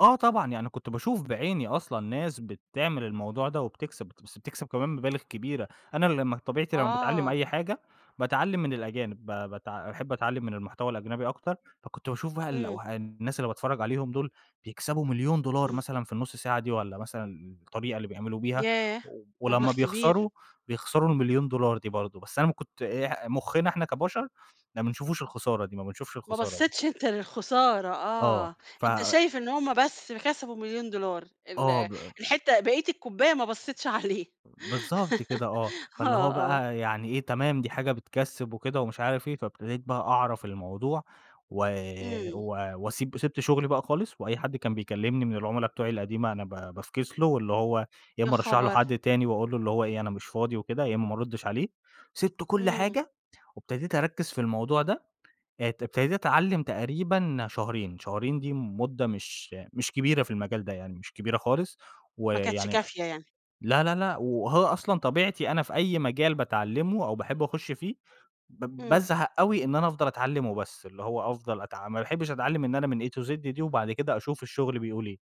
آه طبعًا، يعني كنت باشوف بعيني أصلًا ناس بتعمل الموضوع ده وبتكسب بت بس بتكسب كمان مبالغ كبيرة، أنا لمّا طبيعتي لمّا باتعلّم آه. أي حاجة، باتعلّم من الأجانب ب بتع باحب أتعلّم من المحتوى الأجنبي أكتر، فكنت باشوف بقى إمم. الأوه الناس اللي باتفرّج عليهم دُول، بيكسبوا 1.000.000$ إمم. مثلًا في النُّص ساعة دي، والّا مثلًا الطريقة اللي بيعملوا بيها، ياه! ولمّا مبلغ كبير. بيخسروا، بيخسروا ال1.000.000$ دي برضه، بس أنا ما كنت إيه مُخّنا إحنا كبشر، ما بنشوفوش الخسارة دي، ما بنشُفش ما الخسارة دي. بصّتش أنت للخسارة آه آه، ف أنت شايف إن هُم بس كسبوا 1.000.000$ ال آه ب الحتّة بقية الكوبّاية ما بصّتش عليه. بالضبط كده آه، فاللي آه، هو آه. بقى يعني إيه تمام دي حاجة بتكَسّب وكده ومش عارف إيه، فابتديت بقى أعرف الموضوع و إمم. و وأسيب وسِبت شغلي بقى خالص، وأي حد كان بيكلّمني من العُملا بتوعي القديمة أنا ب بافكس له، واللي هو يا يا إمّا أرشّح له خبر! حد تاني وأقول له اللي هو إيه، أنا مش فاضي وكده، يا إمّا ما أرُدّش عليه، سِبت كل إمم. حاجة وابتديت أرَكّز في الموضوع ده، ات ابتديت أتعلّم تقريبًا شهرين شهرين دي مدة مش مش كبيرة في المجال ده يعني مش كبيرة خالص، ما كانتش ويعني كافيَة يعني. لا، لا، لأ وهو أصلًا طبيعتي أنا في أي مجال باتعلّمه أو باحب أخش فيه، ب إمم. بازهق أوي إن أنا أفضل أتعلّم وبس، اللي هو أفضل أتع ما باحبش أتعلّم إن أنا من A to Z دي، وبَعد كده أشوف الشغل بيقول إيه،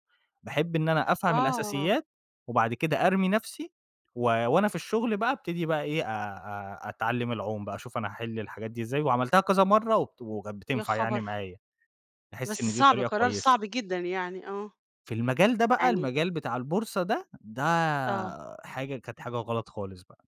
باحب إن أنا أفهم آه. الأساسيات وبعد كده أرمي نفْسي، و وأنا في الشغل بقى أبتدي بقى إيه أ أ أتعلّم العوم بقى، أشوف أنا هاحل الحاجات دي إزاي، وعملتها كذا مَرّة وبت كانت يا بتنفع يعني خبر! معايا، أحس بس إن دي صعب، طريقة قرار كويسة. صعب جدًا يعني. آه. في المجال ده بقى يعني المجال بتاع البورصة ده، ده آه. حاجة كانت حاجة غلط خالص بقى.